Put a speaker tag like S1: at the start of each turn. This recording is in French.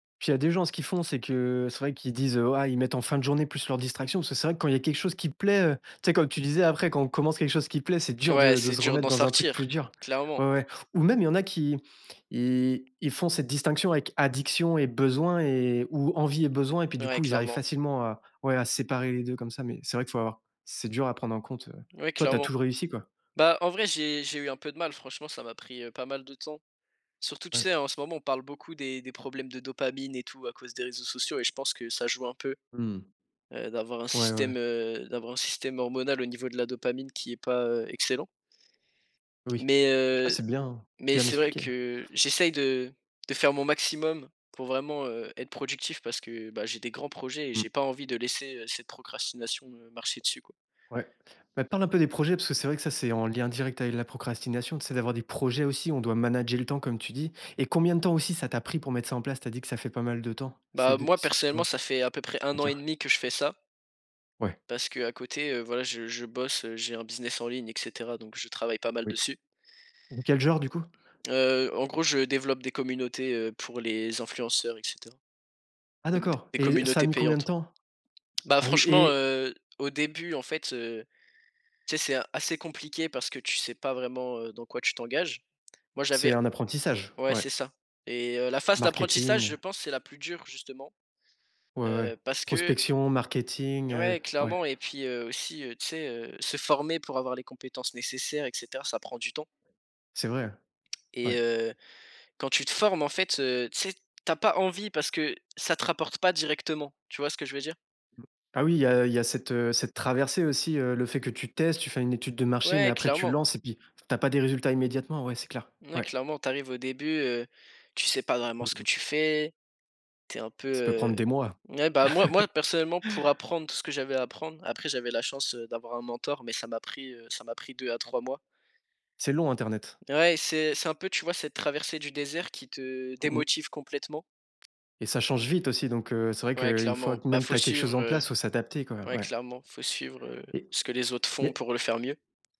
S1: Puis, il y a des gens, ce qu'ils font, c'est que, c'est vrai qu'ils disent ah, ils mettent en fin de journée plus leurs distractions parce que c'est vrai que quand il y a quelque chose qui plaît, heu, tu sais? Comme tu disais: «Après, quand on commence quelque chose qui plaît, c'est dur
S2: Ouais,
S1: de de
S2: c'est
S1: se
S2: dur
S1: remettre
S2: d'en
S1: dans un truc plus
S2: sortir,
S1: dur».
S2: clairement.
S1: Ouais, ouais ou même, il y en a qui ils ils font cette distinction avec addiction et besoins et ou envie et besoins et puis, du
S2: Ouais,
S1: coup, ils arrivent
S2: clairement.
S1: facilement à ouais, à séparer les 2 comme ça mais c'est vrai que faut avoir c'est dur à prendre en compte, heu,
S2: Ouais,
S1: toi, tu as
S2: clairement.
S1: toujours réussi, quoi?
S2: Bah, en vrai, j'ai j'ai eu un peu de mal franchement, ça m'a pris, heu, pas mal de temps. Surtout, tu
S1: Ouais.
S2: sais? En ce moment, on parle beaucoup des des problèmes de dopamine et tout à cause des réseaux sociaux et je pense que ça joue un peu,
S1: Mmh.
S2: heu, d'avoir un
S1: Ouais, ouais, ouais.
S2: système, heu, d'avoir un système hormonal au niveau de la dopamine qui est pas, heu, excellent.
S1: Oui,
S2: Mais
S1: ah
S2: heu,
S1: c'est bien,
S2: mais
S1: bien
S2: c'est vrai
S1: expliqué, ouais.
S2: que j'essaye de de faire mon maximum pour vraiment, heu, être productif parce que, bah, j'ai des grands projets et
S1: Mmh.
S2: j'ai pas envie de laisser, heu, cette procrastination me marcher dessus, quoi.
S1: Ouais, bah, parle un peu des projets parce que c'est vrai que ça c'est en lien direct avec la procrastination, tu sais? D'avoir des projets aussi où on doit «manager le temps», comme tu dis, et combien de temps aussi ça t'a pris pour mettre ça en place? Tu as dit que ça fait pas mal de temps, c'est
S2: Bah,
S1: de
S2: moi
S1: si tu
S2: personnellement,
S1: peux
S2: ça fait à peu près 1 an et
S1: dire.
S2: 1/2 que je fais ça
S1: Ouais.
S2: parce qu'à côté, heu, voilà, je je bosse, heu, j'ai un business en ligne et cetera, donc je travaille pas mal
S1: Oui.
S2: dessus.
S1: Quel genre du coup?
S2: Heu, en gros, je développe des communautés, heu, pour les influenceurs et cetera,
S1: Ah
S2: donc d
S1: d'accord,
S2: des
S1: et ça a
S2: communautés
S1: mis combien de
S2: payantes.
S1: temps?
S2: Bah,
S1: Ah oui
S2: franchement,
S1: et
S2: heu, au début, en fait, heu, tu sais? C'est assez compliqué parce que tu sais pas vraiment, heu, dans quoi tu t'engages. Moi, j'avais
S1: C'est un apprentissage?
S2: ouais
S1: Ouais.
S2: c'est ça et heu, la phase
S1: Marketing,
S2: d'apprentissage, je
S1: heu
S2: pense c'est la plus dure, justement,
S1: Ouais ouais, ouais.
S2: heu, parce que
S1: Prospection, marketing, heu
S2: Ouais
S1: ouais.
S2: clairement et puis, heu, aussi, tu sais? Heu, se former pour avoir les compétences nécessaires et cetera, ça prend du temps.
S1: C'est vrai,
S2: Et
S1: ouais.
S2: heu, quand tu te formes, en fait, heu, tu sais? Tu as pas envie parce que ça te rapporte pas directement, tu vois ce que je veux dire?
S1: Ah oui, il y a il y a cette, heu, cette traversée aussi, heu, le fait que tu testes. Tu fais une étude de marché mais
S2: Ouais,
S1: après tu
S2: clairement.
S1: lances et puis, tu as pas des résultats immédiatement, ouais, c'est clair,
S2: Ouais,
S1: ouais.
S2: clairement, tu arrives au début, heu, tu sais pas vraiment
S1: Mmh
S2: ce que
S1: mh.
S2: tu fais. Tu es un peu,
S1: Ça peut
S2: heu
S1: prendre des mois.
S2: ouais, bah, moi moi personnellement pour apprendre tout ce que j'avais à apprendre après j'avais la chance, heu, d'avoir un mentor, mais ça m'a pris, heu, ça m'a pris 2 à 3 mois.
S1: C'est long internet.
S2: Ouais, c'est c'est un peu, tu vois? Cette traversée du désert qui te
S1: Mmh mh.
S2: démotive complètement.
S1: Et ça change vite aussi donc heu, c'est vrai
S2: Ouais,
S1: qu'une fois
S2: clairement,
S1: q
S2: bah,
S1: même
S2: faut
S1: tu as quelque
S2: suivre,
S1: chose en place,
S2: heu
S1: il faut s'adapter, quoi,
S2: ouais
S1: ouais.
S2: clairement, faut suivre, heu,
S1: Et
S2: ce que les autres font
S1: mais
S2: pour le faire mieux.